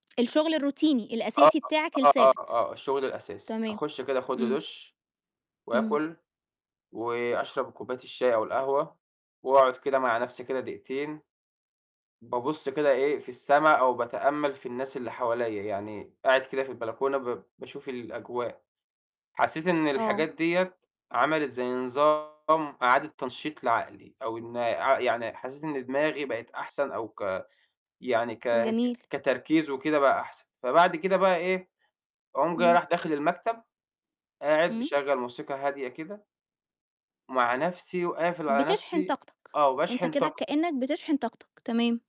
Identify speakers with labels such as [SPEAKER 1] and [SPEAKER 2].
[SPEAKER 1] الشغل الروتيني
[SPEAKER 2] آه،
[SPEAKER 1] الأساسي بتاعك
[SPEAKER 2] آه، آه،
[SPEAKER 1] الثابت،
[SPEAKER 2] آه، الشغل الأساسي،
[SPEAKER 1] تمام،
[SPEAKER 2] أخُشّ كده آخد لي
[SPEAKER 1] امم.
[SPEAKER 2] دُشّ،
[SPEAKER 1] امم.
[SPEAKER 2] وآكل، وأشرب كوباية الشاي أو القهوة، وأقعد كده مع نفْسي كده دقيقتين، بابُصّ كده إيه، في السما أو باتأمَّل في الناس اللي حواليَّ، يعني قاعد كده في البلكونة ب باشوف الأجواء، حسيت إن
[SPEAKER 1] آه.
[SPEAKER 2] الحاجات ديَّة عَمَلِت زي نظام إعادة تنشيط لعقلي أو إن عق يعني حسيت إن دماغي بقت أحسَن أو ك يعني ك ك
[SPEAKER 1] جميل.
[SPEAKER 2] كتركيز وكده بقى أحسَن. فبعد كده بقى إيه، أقوم جاي
[SPEAKER 1] امم.
[SPEAKER 2] رايح داخل المكتب، قاعد
[SPEAKER 1] امم.
[SPEAKER 2] مِشَغّل موسيقى هادية كده ومع نَفْسي وقافل على
[SPEAKER 1] بتشحن
[SPEAKER 2] نَفْسي
[SPEAKER 1] طاقتك،
[SPEAKER 2] آه
[SPEAKER 1] أنت
[SPEAKER 2] وباشحن
[SPEAKER 1] كده
[SPEAKER 2] طاقتي.
[SPEAKER 1] كأنك بتشحن طاقتك، تمام.